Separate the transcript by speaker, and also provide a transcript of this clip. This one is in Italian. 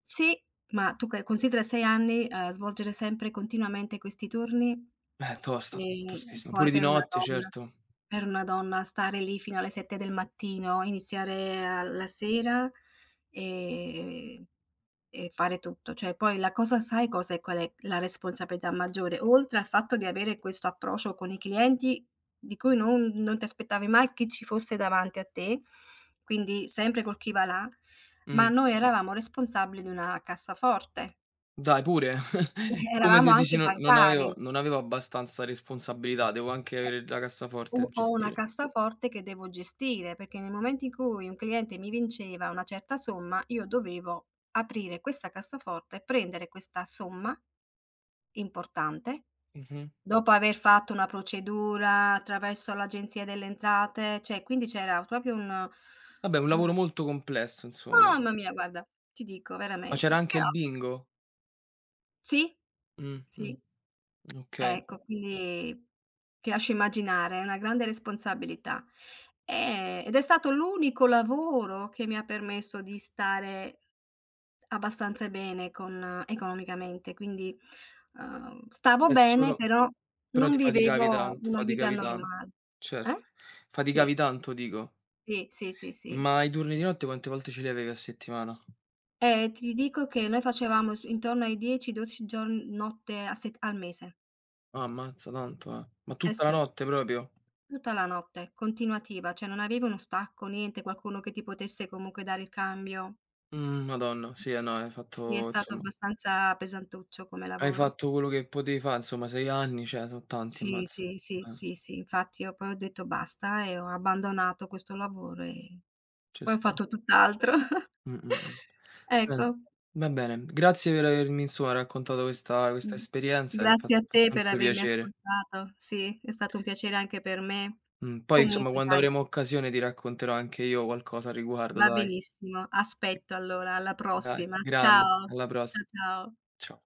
Speaker 1: Sì. Ma tu che considera 6 anni, ehm, svolgere sempre continuamente questi turni,
Speaker 2: Eh, tosta,
Speaker 1: e
Speaker 2: tostissima.
Speaker 1: poi
Speaker 2: Pure di
Speaker 1: per una
Speaker 2: notte,
Speaker 1: donna
Speaker 2: certo.
Speaker 1: per una donna stare lì fino alle 7 del mattino, iniziare a la sera e e fare tutto. Cioè poi la cosa sai, cosa è qual è la responsabilità maggiore? Oltre al fatto di avere questo approccio con i clienti di cui non non ti aspettavi mai chi ci fosse davanti a te, quindi sempre col chi va là, ma
Speaker 2: Mh.
Speaker 1: noi eravamo responsabili di una cassaforte.
Speaker 2: Dai, pure.
Speaker 1: Eh
Speaker 2: Come
Speaker 1: eravamo
Speaker 2: se dici:
Speaker 1: anche
Speaker 2: "Non non avevo
Speaker 1: bancari.
Speaker 2: non avevo abbastanza responsabilità, devo anche
Speaker 1: Eh,
Speaker 2: avere la cassaforte
Speaker 1: u ho una
Speaker 2: gestire."
Speaker 1: cassaforte che devo gestire, perché nel momento in cui un cliente mi vinceva una certa somma io dovevo aprire questa cassaforte e prendere questa somma importante,
Speaker 2: Mh-mh.
Speaker 1: dopo aver fatto una procedura attraverso l'Agenzia delle Entrate, cioè, quindi c'era proprio un
Speaker 2: Vabbè, un
Speaker 1: u
Speaker 2: lavoro molto complesso, insomma.
Speaker 1: Mamma mia! Guarda, ti dico
Speaker 2: Ma c'era
Speaker 1: veramente.
Speaker 2: anche il
Speaker 1: [unintelligible]
Speaker 2: Bingo?
Speaker 1: Sì,
Speaker 2: Mh, mh,
Speaker 1: sì.
Speaker 2: okay.
Speaker 1: Ecco, quindi ti lascio immaginare, è una grande responsabilità. Ehm, ed è stato l'unico lavoro che mi ha permesso di stare abbastanza bene con economicamente, quindi, uhm, stavo
Speaker 2: È
Speaker 1: bene
Speaker 2: solo
Speaker 1: però
Speaker 2: però
Speaker 1: non
Speaker 2: ti faticavi
Speaker 1: vivevo
Speaker 2: tan
Speaker 1: una vita
Speaker 2: faticavi tan
Speaker 1: normal
Speaker 2: certo,
Speaker 1: eh? Sì.
Speaker 2: faticavi tanto dico.
Speaker 1: Sì, sì, sì, sì.
Speaker 2: Ma i turni di notte quante volte ce li avevi a settimana?
Speaker 1: Eh, ti dico che noi facevamo su intorno ai 10, 12 giorn notte a set al mese.
Speaker 2: Ah ammazza, tanto, eh. Ma
Speaker 1: Eh,
Speaker 2: tutta la
Speaker 1: sì.
Speaker 2: notte proprio?
Speaker 1: Tutta la notte, continuativa, cioè non avevi uno stacco, niente, qualcuno che ti potesse comunque dare il cambio.
Speaker 2: Mh, madonna, sì, eh, no, hai
Speaker 1: Sì, è
Speaker 2: fatto,
Speaker 1: stato
Speaker 2: insomma
Speaker 1: abbastanza pesantuccio come
Speaker 2: hai
Speaker 1: lavoro.
Speaker 2: fatto quello che potevi fa', insomma, 6 anni, cioè, so' tanti
Speaker 1: Sì,
Speaker 2: ammazza.
Speaker 1: sì, sì,
Speaker 2: Eh.
Speaker 1: sì, sì. Infatti io poi ho detto basta e ho abbandonato questo lavoro, e
Speaker 2: Ce
Speaker 1: poi ho
Speaker 2: sta.
Speaker 1: fatto tutt'altro.
Speaker 2: Mh, mh, mh,
Speaker 1: Ecco.
Speaker 2: [unintelligible] va bene, grazie per avermi, insomma, raccontato questa questa
Speaker 1: Mh.
Speaker 2: esperienza, ehm, fa
Speaker 1: Grazie a
Speaker 2: fa
Speaker 1: te per
Speaker 2: sempre
Speaker 1: avermi
Speaker 2: piacere.
Speaker 1: ascoltato. Sì, è stato un piacere anche per me.
Speaker 2: Mh. Poi insomma
Speaker 1: Comunque
Speaker 2: quando
Speaker 1: dai
Speaker 2: avremo occasione ti racconterò anche io qualcosa a riguardo,
Speaker 1: Va
Speaker 2: dai.
Speaker 1: benissimo. Aspetto allora, alla
Speaker 2: Dai,
Speaker 1: prossima.
Speaker 2: grande,
Speaker 1: Ciao,
Speaker 2: alla
Speaker 1: cia
Speaker 2: pross
Speaker 1: ciao.
Speaker 2: cia